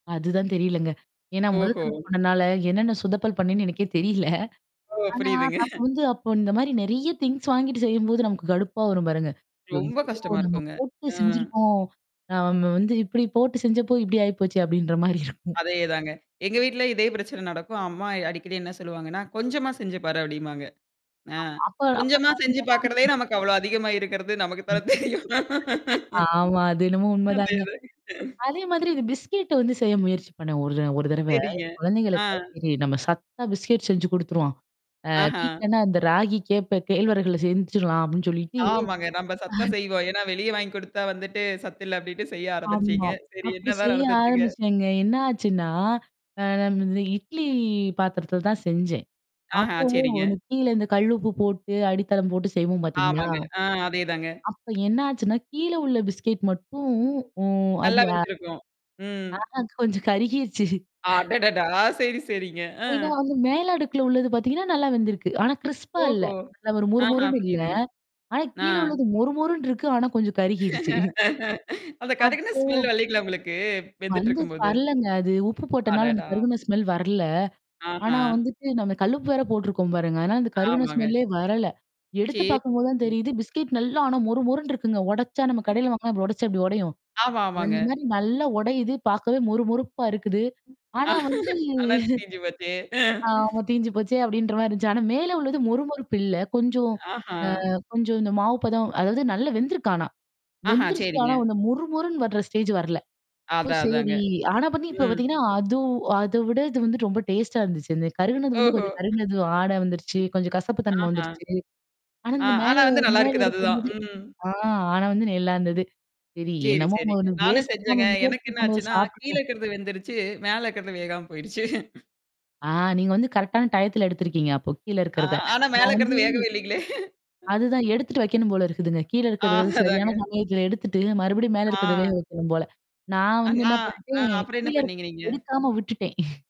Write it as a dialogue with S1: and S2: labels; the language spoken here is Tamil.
S1: அது தான் தெரியலைங்க. ஏன்னா மொத
S2: ஓஹோ.
S1: தடவ பண்ணனால, என்னென்ன சுதப்பல் பண்ணேன்னு எனக்கே தெரியல.
S2: ஓ,
S1: ஆனா,
S2: புரியுதுங்க.
S1: நாம வந்து அப்ப, இந்த மாதிரி நிறைய திங்க்ஸ் வாங்கிட்டு செய்யும்போது நமக்குக் கடுப்பா வரும் பாருங்க.
S2: ரொம்ப கஷ்டமா
S1: [unintelligible] நாம
S2: இருக்கும்ங்க. ஆ.
S1: போட்டுச் செஞ்சிருக்கோம். நாம வந்து இப்படி போட்டுச் செஞ்சப்போ, இப்படி ஆயிப்போச்சு! அப்படின்ற மாதிரி இருக்கும்.
S2: அதே தாங்க. எங்க வீட்ல இதே பிரச்சனை நடக்கும். அம்மா அடிக்கடி என்ன சொல்லுவாங்கன்னா, "கொஞ்சமா செஞ்சு பாரு" அப்படிம்பாங்க. அஹ்.
S1: ஆமா, அப்போ,
S2: கொஞ்சமா செஞ்சு பாக்குறதே நமக்கு அவ்வளவு அதிகமா இருக்கிறது, நமக்குத் தான் தெரியும்.
S1: ஆமா. அது என்னமோ
S2: அதே
S1: உண்மைதாங்க.
S2: தாங்க.
S1: அதே மாதிரி இந்த பிஸ்கட் வந்து செய்ய முயற்சி பண்ணேன். ஒரு ஒரு தடவை.
S2: சரிங்க. அ.
S1: குழந்தைகளுக்காக சரி, நம்ம சத்தா பிஸ்கட் செஞ்சு கொடுத்துருவோம். ஆஹ்
S2: ஆஹா.
S1: வீட்லன்னா அந்த ராகி, கேப்பை, கேழ்வரகுல செஞ்சுடலாம் அப்படின்னு சொல்லிட்டு
S2: ஆமாங்க. நம்ம சத்தா செய்வோம். ஏன்னா, வெளிய வாங்கி கொடுத்தா வந்துட்டு, சத்து இல்ல அப்படினுட்டு செய்ய ஆரம்பிச்சிங்க.
S1: ஆமா,
S2: சரி
S1: அப்படி
S2: என்னதான்
S1: செய்ய
S2: நடந்துச்சுங்க?
S1: ஆரம்பிச்சேன்ங்க. என்ன ஆச்சுன்னா, அ, நம்ம இட்லி பாத்திரத்துல தான் செஞ்சேன்.
S2: ஆஹா,
S1: அப்போ
S2: சரிங்க.
S1: கீழ கல் உப்பு போட்டு, அடித்தளம் போட்டுச் செய்வோம் பார்த்தீங்களா?
S2: ஆமாங்க. அஹ், அதே தாங்க.
S1: அப்ப என்ன ஆச்சுனா, கீழ உள்ள பிஸ்கட் மட்டும், ம்
S2: நல்லா
S1: அது அ
S2: வெந்திருக்கும். ம்.
S1: ஆ, கொஞ்சம் கருகிடுச்சு.
S2: அடடடா! சரி, சரிங்க. அ.
S1: ஏன்னா, அந்த மேல அடுக்குல உள்ளது பாத்தீங்கன்னா நல்லா வெந்துருக்கு. ஆனா க்ரிஸ்ப்பா இல்ல.
S2: ஓஹோ.
S1: நல்லா ஒரு மொறு
S2: ஆஹா,
S1: மொறுன்னு இல்ல.
S2: புரியுதுங்க.
S1: ஆனா கீழ
S2: ஆஹ்.
S1: உள்ளது மொறு மொறுன்னு இருக்கு. ஆனா கொஞ்சம் கருகிருச்சு.
S2: அந்தக் கருகுன
S1: அப்போ
S2: ஸ்மெல் வரலைங்களா உங்களுக்கு? வெந்துட்டு
S1: வந்து
S2: இருக்கும்போது.
S1: வரலைங்க. அது உப்பு போட்டனால அந்த
S2: அடடா.
S1: கருகின ஸ்மெல் வரல. ஆனா
S2: ஆஹா.
S1: வந்து நம்ம கல் உப்பு வேற போட்டு இருக்கோம் பாருங்க. ஆனா அந்த கருகின
S2: ஆமாங்க.
S1: ஸ்மெல்லே வரல. எடுத்துப் பாக்கும்போது தான்
S2: சரிங்க.
S1: தெரியுது பிஸ்கட் நல்லா ஆனா மொறு மொறுன்னு இருக்கு. உடைச்சா நம்ம
S2: அ.
S1: கடைல வாங்குனா உடைச்சா எப்படி உடையும்?
S2: ஆமா, ஆமாங்க.
S1: அந்த மாதிரி நல்லா உடையுது. பார்க்கவே மொறு மொறுப்பா இருக்குது. ஆனா வந்து
S2: நல்லா தீஞ்சு போச்சே
S1: ஆமா, தீஞ்சு போச்சு அப்படின்ற மாதிரி இருந்துச்சு. ஆனா மேல உள்ளது மொறு மொறுப்பு இல்ல. கொஞ்சம்
S2: ஆஹா.
S1: அ கொஞ்சம் இந்த மாவு பதம் அதாவது நல்லா வெந்துருக்கு. ஆனா
S2: ஆஹா,
S1: வெந்துருச்சு. ஆனா
S2: சரிங்க.
S1: அந்த மொறு மொறுன்னு வர்ற ஸ்டேஜ் வரலை. அப்போ
S2: அதான், அதாங்க.
S1: சரி. ஆனா இப்ப
S2: ம்.
S1: பாத்தீங்கன்னா அது அதைவிட இது ரொம்ப டேஸ்ட்டா இருந்துச்சு. கருகினது வந்து
S2: ஓஹோ.
S1: கருகினது வாட வந்துருச்சு. கொஞ்சம் கசப்புத்தன்மை
S2: ஆஹா.
S1: வந்துருச்சு. ஆனா
S2: ஆ
S1: இந்த மேல
S2: ஆனா வந்து நல்லா
S1: மேல
S2: இருக்குது
S1: அடுக்கு
S2: அதுதான்.
S1: வந்தது
S2: ம்.
S1: ஆனா வந்து நல்லா இருந்தது. சரி
S2: சரி,
S1: என்னமோ
S2: சரிங்க. நானும்
S1: வேஸ்ட்
S2: செஞ்சேங்க.
S1: பண்ணாம
S2: எனக்கு
S1: முயற்சி
S2: என்ன
S1: பண்ணது,
S2: ஆச்சுன்னா, கீழ
S1: சாப்பிட்டுட்டு
S2: இருக்குறது வெந்துருச்சு, மேல இருக்குறது வேகாம போயிருச்சு.
S1: ஆங். நீங்க வந்து கரெக்ட் ஆன டைம்ல எடுத்திருக்கீங்க, அப்போ கீழ
S2: ஆ
S1: இருக்குறதை.
S2: ஆனா, மேல
S1: நான் வந்து
S2: இருக்குறது வேகவே இல்லைங்களே!
S1: அது தான் எடுத்துட்டு வைக்கணும் போல இருக்குதுங்க. கீழ இருக்குறது
S2: அதான், அதாங்க.
S1: சரியான சமயத்துல எடுத்துட்டு மறுபடியும் மேல இருக்கிறத
S2: ஆ.
S1: வேக வைக்கணும் போல. நான் வந்து
S2: நா
S1: என்ன பண்ணிட்டேன்,
S2: அப்றம் என்ன
S1: கீழ இருக்கிற
S2: பண்ணீங்க நீங்க?
S1: எடுக்காம விட்டுட்டேன்.